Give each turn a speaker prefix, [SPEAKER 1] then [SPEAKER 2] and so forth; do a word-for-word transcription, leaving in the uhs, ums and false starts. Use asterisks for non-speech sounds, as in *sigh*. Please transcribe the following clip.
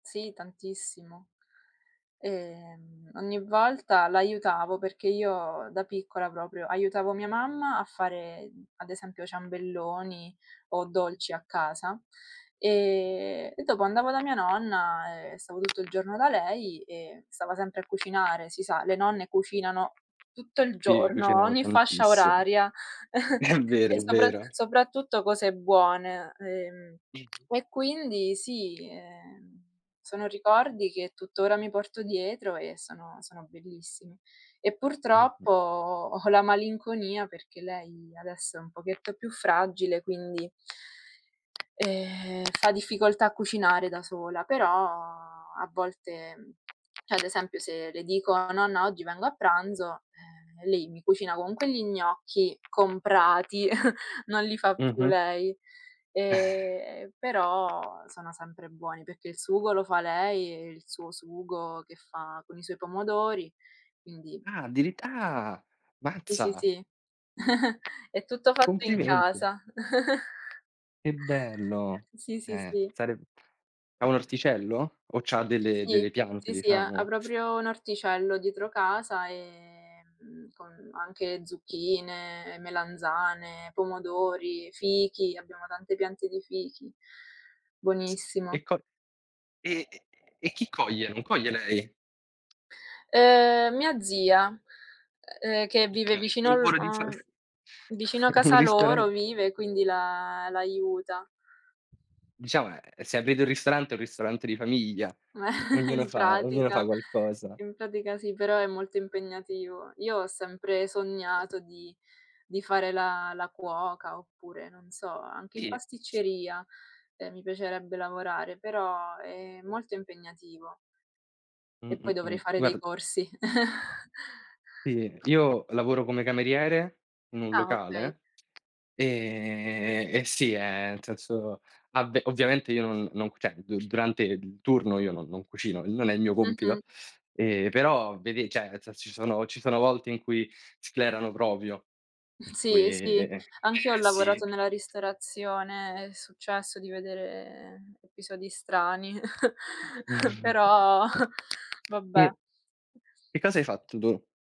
[SPEAKER 1] Sì, tantissimo. Ehm, ogni volta l'aiutavo, perché io da piccola proprio aiutavo mia mamma a fare, ad esempio ciambelloni o dolci a casa, ehm, e dopo andavo da mia nonna, ehm, stavo tutto il giorno da lei e stava sempre a cucinare. Si sa, le nonne cucinano tutto il
[SPEAKER 2] Sì,
[SPEAKER 1] giorno,
[SPEAKER 2] cucinano
[SPEAKER 1] ogni fascia
[SPEAKER 2] tantissimo.
[SPEAKER 1] oraria
[SPEAKER 2] È
[SPEAKER 1] *chuckles*
[SPEAKER 2] vero,
[SPEAKER 1] e
[SPEAKER 2] è
[SPEAKER 1] sopra
[SPEAKER 2] vero.
[SPEAKER 1] sopratutto cose buone. Ehm, e quindi sì, ehm, sono ricordi che tuttora mi porto dietro e sono sono bellissimi. E purtroppo,
[SPEAKER 2] Mh-mh.
[SPEAKER 1] ho la malinconia perché lei adesso è un pochetto più fragile, quindi, ehm, fa difficoltà a cucinare da sola, però a volte, ceh ad esempio se le dico: "Nonna, oggi vengo a pranzo." Ehm e lei mi cucina comunque gli gnocchi comprati, *snorts* non li fa più
[SPEAKER 2] Mh-mh.
[SPEAKER 1] lei.
[SPEAKER 2] Eh
[SPEAKER 1] Ehm, però sono sempre buoni, perché il sugo lo fa lei, e il suo sugo che fa con i suoi pomodori, quindi
[SPEAKER 2] Ah, addirit Ah!
[SPEAKER 1] Sì, sì,
[SPEAKER 2] Mazza!
[SPEAKER 1] sì, *chuckles* è tutto fatto in
[SPEAKER 2] Complimenti.
[SPEAKER 1] casa. *chuckles*
[SPEAKER 2] Che bello.
[SPEAKER 1] Sì, sì,
[SPEAKER 2] Eh,
[SPEAKER 1] sì.
[SPEAKER 2] sareb ha un orticello? O c'ha delle
[SPEAKER 1] Sì.
[SPEAKER 2] delle piante
[SPEAKER 1] Sì, sì. Ha ha
[SPEAKER 2] diciamo?
[SPEAKER 1] proprio un orticello dietro casa, ehm, mhmm, con anche zucchine, melanzane, pomodori, fichi. Abbiamo tante piante di fichi,
[SPEAKER 2] Sa e
[SPEAKER 1] buonissimo.
[SPEAKER 2] co ehm, e chi coglie? Non coglie lei?
[SPEAKER 1] Uhm, mia zia, uhm, ehm, che vive
[SPEAKER 2] Okay,
[SPEAKER 1] vicino
[SPEAKER 2] quel
[SPEAKER 1] al
[SPEAKER 2] volo di
[SPEAKER 1] a
[SPEAKER 2] farf
[SPEAKER 1] vicino a
[SPEAKER 2] *chuckles* un
[SPEAKER 1] casa loro,
[SPEAKER 2] ristoran
[SPEAKER 1] vive quindi la l'aiuta.
[SPEAKER 2] Diciamo, ehm, se aprite un ristorante, un ristorante di famiglia,
[SPEAKER 1] *chuckles*
[SPEAKER 2] ognuno
[SPEAKER 1] In
[SPEAKER 2] fa ognuno fa
[SPEAKER 1] pratica
[SPEAKER 2] qualcosa.
[SPEAKER 1] in pratica sì, però è molto impegnativo. Io ho sempre sognato di di fare la la cuoca, oppure non so, anche in
[SPEAKER 2] Sì.
[SPEAKER 1] pasticceria, ehm, mi piacerebbe lavorare, però è molto impegnativo.
[SPEAKER 2] Mh,
[SPEAKER 1] E poi
[SPEAKER 2] mh,
[SPEAKER 1] dovrei
[SPEAKER 2] mh.
[SPEAKER 1] fare dei
[SPEAKER 2] Guard
[SPEAKER 1] corsi. *chuckles*
[SPEAKER 2] Sì, io lavoro come cameriere in un
[SPEAKER 1] Ah, okay.
[SPEAKER 2] locale, ehm, e sì, ehm, nel senso avve ovviamente io, non non ceh durante il turno io non non cucino, non è il mio compito.
[SPEAKER 1] Mh-mh.
[SPEAKER 2] Ehm, però vedi, ceh nel senso ci sono ci sono volte in cui sclerano propio. Per cui
[SPEAKER 1] Sì, sì,
[SPEAKER 2] eh,
[SPEAKER 1] anch'io ho
[SPEAKER 2] sì.
[SPEAKER 1] lavorato nella ristorazione, è successo di vedere episodi strani, *chuckles*
[SPEAKER 2] *chuckles*
[SPEAKER 1] però *chuckles* vabbè.
[SPEAKER 2] Sì, che cosa hai fatto tu?